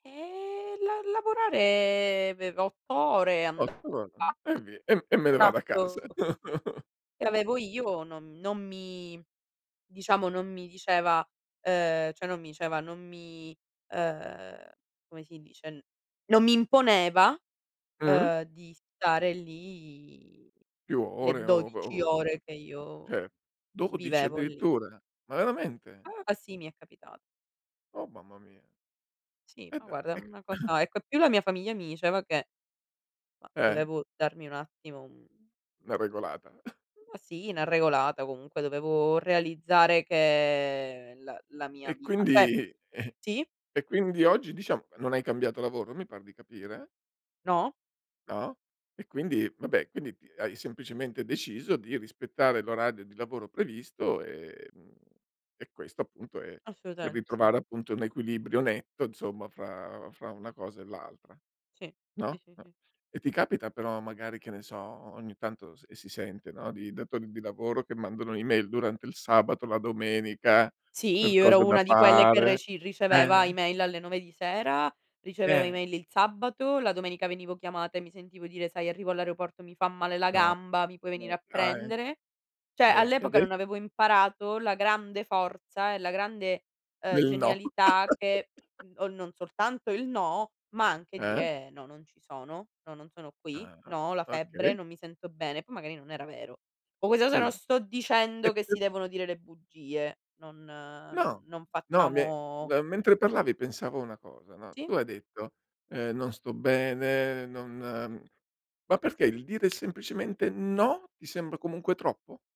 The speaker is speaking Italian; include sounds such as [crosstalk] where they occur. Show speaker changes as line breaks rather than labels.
E la lavorare aveva 8 ore, andava
8 ore? E
[unintelligible]
vi e m
il
e me ne vado a casa.
contratto
[chuckles]
che avevo io non m non mi diciamo, non mi diceva uhm, cioè, non mi diceva non mi uhm, come si dice, n non mi imponeva,
Mh.
uhm, di stare lì
Più
le
ore o ov
12
o
ore che io
Cioè, 12
vivevo lì.
addirittura, ma veramente?
Ah. Sì, mi è capita
Oh, mamma mia.
Sì,
E
ma
dai,
guarda è
è c
una
[coughs]
cosa ecco, e più la mia famiglia mi diceva che ma
Eh.
dovevo darmi un attimo un
Una regolata. [chuckles]
ma sì, una
Sì.
regolata, comunque, dovevo realizzare che la la mia
E
vita Eh.
quindi, e
Sì?
e quindi oggi diciam non hai cambiato lavoro, mi par di capire?
No.
No? E quindi vabbè, quindi t hai semplicemente deciso di rispettare l'orario di lavoro previsto, e mhmm, e questo, appunto, è per
Assolutament sì.
ritrovare, appunto, un equilibrio netto, insomma, fra fra una cosa e l'altra,
Sì, sì,
no?
sì,
N
sì.
E ti capita però, magari, che ne so, o o ogni tanto s si sente, no, di datori di lavoro che mandano email durante il sabato, la domenica
Sì,
per
io
cose
ero
da
una di quelle che
fare?
reci
Eh,
riceveva
eh.
email alle 9 di sera, riceveva
Eh.
email il sabato, la domenica venivo chiamata e mi sentivo dire: "Sai arrivo all'aeroporto mi fa male la
No.
gamba, mi puoi
Ma
venire a
dai.
prendere?" Cioè,
Eh, e
all'epoca
ade
non avevo imparato la grande forza e la grande, uhm,
Del no.
genialità che,
[laughs]
mhmm, o non soltanto il no, ma anche
Eh?
dire: "No, non ci sono. No, non sono qui.
Ah ah.
No, ho la febbre,
Okay.
non mi sento bene." Poi, magari non era vero. Con questa cosa non
Sì.
sto
E,
dicendo che
p
si devono dire le bugie. Non non
No.
non
No, mi è
facciamo
mhmm, mentre parlavi pensavo a una cosa, no,
Sì?
tu hai detto, uhm: "Non sto bene, non" Ma perché il dire semplicemente: "No" ti sembra comunque troppo?